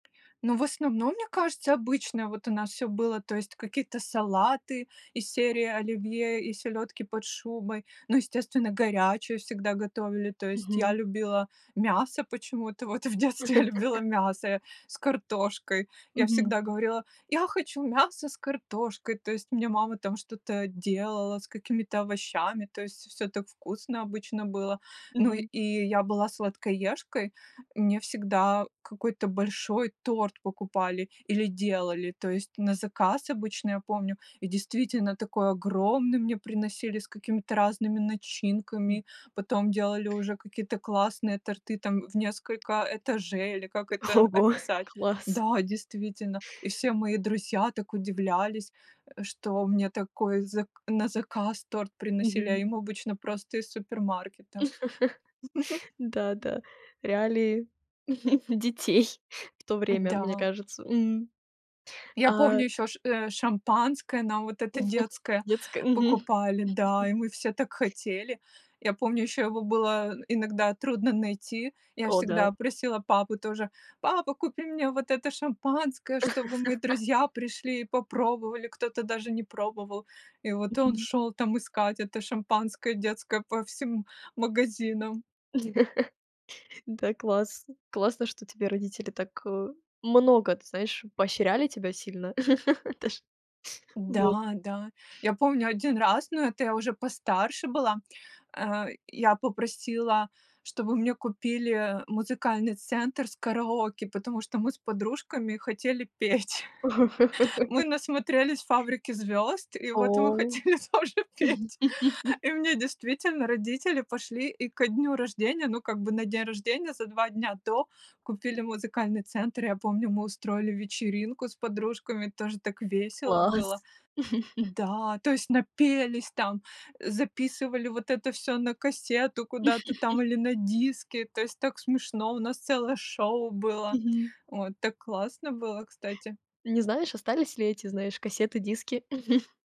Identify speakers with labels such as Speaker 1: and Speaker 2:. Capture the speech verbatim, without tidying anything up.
Speaker 1: Ну, в основном, мне кажется, обычно вот у нас всё было, то есть какие-то салаты, из серии оливье и селёдки под шубой, ну, естественно, горячую всегда готовили. То есть я
Speaker 2: Мгм.
Speaker 1: любила мясо почему-то, вот в детстве я любила мясо я с картошкой, я
Speaker 2: Мгм.
Speaker 1: всегда говорила: "Я хочу мясо с картошкой!", То есть мне мама там что-то делала, с какими-то овощами, то есть всё так вкусно обычно было. Ну,
Speaker 2: Мгм.
Speaker 1: и я была сладкоежкой, мне всегда какой-то большой торт покупали или делали, то есть на заказ обычно, я помню. И действительно, такой огромный мне приносили, с какими-то разными
Speaker 2: М.
Speaker 1: начинками, потом делали уже какие то классные торты, там, в несколько этажей или как это
Speaker 2: Ого,
Speaker 1: описать.
Speaker 2: класс!
Speaker 1: Да, действительно, и все мои друзья так удивлялись, э, что мне такой зак на заказ торт приносили, а
Speaker 2: Мгм.
Speaker 1: им обычно просто из супермаркета.
Speaker 2: Да-да, реалии детей в то время, мне
Speaker 1: Да.
Speaker 2: кажется. М,
Speaker 1: Я
Speaker 2: а
Speaker 1: помню ещё ш э, шампанское нам, вот это детское,
Speaker 2: Детское, мгм.
Speaker 1: покупали, да, и мы все так хотели. Я помню ещё его было иногда трудно найти. Я
Speaker 2: О
Speaker 1: всегда
Speaker 2: да.
Speaker 1: просила папу тоже: "Папа, купи мне вот это шампанское, чтобы мои друзья пришли и попробовали", кто-то даже не пробовал. И вот он
Speaker 2: Мгм.
Speaker 1: шёл, там, искать это шампанское детское по всем магазинам.
Speaker 2: Да, класс! Классно, что тебе родителей так, э, много, т знаешь, поощряли тебя сильно. Это ж Вот.
Speaker 1: Да, да. Я помню один раз, но это я уже постарше была, э, я попросила, чтобы мне купили музыкальный центр с караоке, потому что мы с подружками хотели петь. Мы насмотрелись "Фабрики Звёзд", и вот мы
Speaker 2: О!
Speaker 1: хотели тоже петь. И мне действительно родители пошли и ко дню рождения, ну, как бы на день рождения, за два дня до, купили музыкальный центр. Я помню, мы устроили вечеринку с подружками, тоже так весело было.
Speaker 2: Класс!
Speaker 1: Да, то есть напелись там, э, записывали вот это всё на кассету куда-то там или на диски, то есть так смешно, у нас целое шоу было,
Speaker 2: Мгм.
Speaker 1: вот, так классно было, кстати.
Speaker 2: Не знаешь, остались ли эти, знаешь, кассеты, диски?